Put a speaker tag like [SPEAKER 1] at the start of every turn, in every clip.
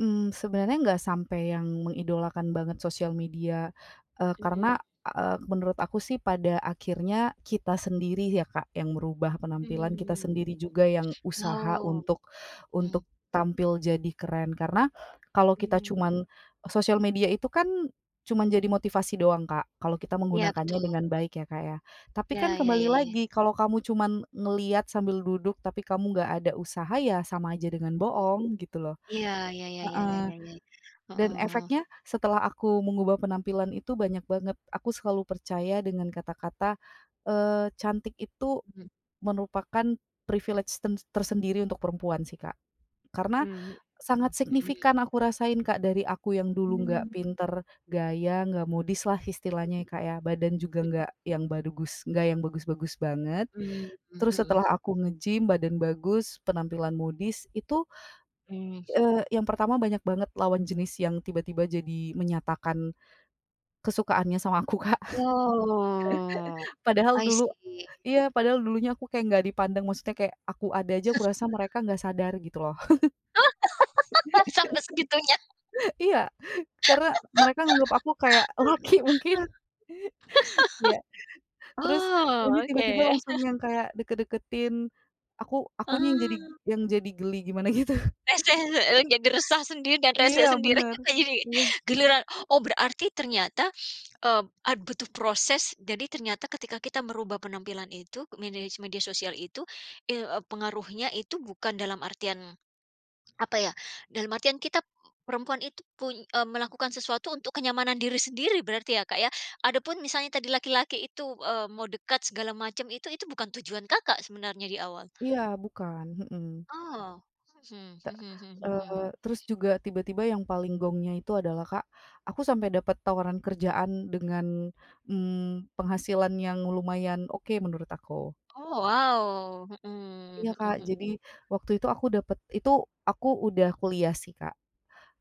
[SPEAKER 1] Mmm, sebenarnya enggak sampai yang mengidolakan banget sosial media, eee,
[SPEAKER 2] Mhm.
[SPEAKER 1] karena, eee, menurut aku sih pada akhirnya kita sendiri ya, Kak, yang merubah penampilan kita
[SPEAKER 2] Mmm,
[SPEAKER 1] sendiri juga yang usaha
[SPEAKER 2] oh,
[SPEAKER 1] untuk
[SPEAKER 2] mhm.
[SPEAKER 1] untuk tampil jadi keren. Karena kalau kita
[SPEAKER 2] Mmm.
[SPEAKER 1] cuman sosial media itu kan cuman jadi motivasi doang, Kak, kalau kita
[SPEAKER 2] Iya,
[SPEAKER 1] menggunakannya
[SPEAKER 2] betul.
[SPEAKER 1] dengan baik ya, Kak, ya. Tapi
[SPEAKER 2] Iya
[SPEAKER 1] kan
[SPEAKER 2] ya
[SPEAKER 1] kembali
[SPEAKER 2] ya ya.
[SPEAKER 1] lagi kalau kamu cuman ngelihat sambil duduk tapi kamu nggak ada usaha ya sama aja dengan
[SPEAKER 2] Mhm.
[SPEAKER 1] boong gitu loh
[SPEAKER 2] Ya ya ya ya ya
[SPEAKER 1] heeh,
[SPEAKER 2] ya,
[SPEAKER 1] dan
[SPEAKER 2] heeh.
[SPEAKER 1] efeknya setelah aku mengubah penampilan itu banyak banget aku selalu percaya dengan kata-kata, eee, cantik itu
[SPEAKER 2] Mhm.
[SPEAKER 1] merupakan privilege ten tersendiri untuk perempuan sih, Kak. Karena
[SPEAKER 2] Mhm mhm
[SPEAKER 1] sangat
[SPEAKER 2] mhm.
[SPEAKER 1] signifikan aku rasain, Kak, dari aku yang dulu nggak
[SPEAKER 2] Mmm.
[SPEAKER 1] pinter gaya, nggak modis lah istilahnya ya, Kak, ya, badan juga
[SPEAKER 2] Mhm.
[SPEAKER 1] nggak bad yang bagus-bagus banget.
[SPEAKER 2] Mhm
[SPEAKER 1] Terus
[SPEAKER 2] mhm.
[SPEAKER 1] setelah aku nge-gym badan bagus penampilan modis itu,
[SPEAKER 2] Mmm.
[SPEAKER 1] eee, yang pertama banyak banget lawan jenis yang tiba-tiba jadi menyatakan kesukaannya sama aku, Kak.
[SPEAKER 2] Oh,
[SPEAKER 1] Padahal
[SPEAKER 2] i
[SPEAKER 1] dulu
[SPEAKER 2] see.
[SPEAKER 1] iya padahal dulunya aku kayak nggak dipandang maksudnya, kayak aku ada aja kurasa mereka nggak sadar gitu loh.
[SPEAKER 2] Oh sampai segitunya.
[SPEAKER 1] Iya, karena mereka anggap aku kayak laki mungkin. Ya, terus
[SPEAKER 2] Oh,
[SPEAKER 1] ini
[SPEAKER 2] oke.
[SPEAKER 1] tiba-tiba langsung yang kayak deket-deketin, aku akunya yang jadi
[SPEAKER 2] Oh.
[SPEAKER 1] yang jadi geli gimana gitu.
[SPEAKER 2] Rese [unintelligible] jadi resah sendiri dan rese
[SPEAKER 1] Iya
[SPEAKER 2] sendiri
[SPEAKER 1] bener,
[SPEAKER 2] jadi
[SPEAKER 1] iya.
[SPEAKER 2] giliran oh, berarti ternyata, eee, butuh proses jadi ternyata ketika kita merubah penampilan itu medi media sosial itu i pengaruhnya itu bukan dalam artian, apa ya, dalam artian kita p perempuan itu, pun eee, melakukan sesuatu untuk kenyamanan diri sendiri berarti ya, Kak, ya. Adapun misalnya tadi laki-laki itu, eee, mau dekat segala macam itu itu bukan tujuan, Kakak, sebenarnya di awal.
[SPEAKER 1] Iya bukan, mhm.
[SPEAKER 2] Oh, mhm
[SPEAKER 1] Tek
[SPEAKER 2] mhm
[SPEAKER 1] eee,
[SPEAKER 2] mhm.
[SPEAKER 1] terus juga tiba-tiba yang paling gongnya itu adalah, Kak, aku sampai dapet tawaran kerjaan dengan, mmm, penghasilan yang lumayan oke menurut aku.
[SPEAKER 2] Oh wow, mhm
[SPEAKER 1] Iya,
[SPEAKER 2] mhm
[SPEAKER 1] Kak,
[SPEAKER 2] mhm.
[SPEAKER 1] jadi waktu itu aku dapet itu aku udah kuliah sih, Kak.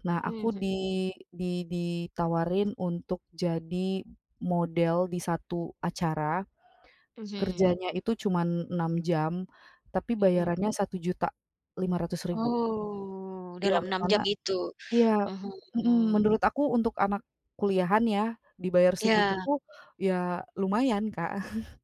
[SPEAKER 1] Nah,
[SPEAKER 2] Mhm
[SPEAKER 1] aku
[SPEAKER 2] mhm
[SPEAKER 1] di
[SPEAKER 2] mhm.
[SPEAKER 1] di ditawarin untuk jadi model di satu acara,
[SPEAKER 2] Mhm.
[SPEAKER 1] kerjanya itu cuman 6 jam tapi
[SPEAKER 2] Mhm.
[SPEAKER 1] bayarannya Rp1.500.000
[SPEAKER 2] Oh, dalam
[SPEAKER 1] Yang
[SPEAKER 2] 6
[SPEAKER 1] mana
[SPEAKER 2] jam itu,
[SPEAKER 1] iya,
[SPEAKER 2] mhm,
[SPEAKER 1] mhm,
[SPEAKER 2] mmm.
[SPEAKER 1] menurut aku untuk anak kuliahan ya dibayar segitu
[SPEAKER 2] Iya.
[SPEAKER 1] pun ya lumayan, Kak.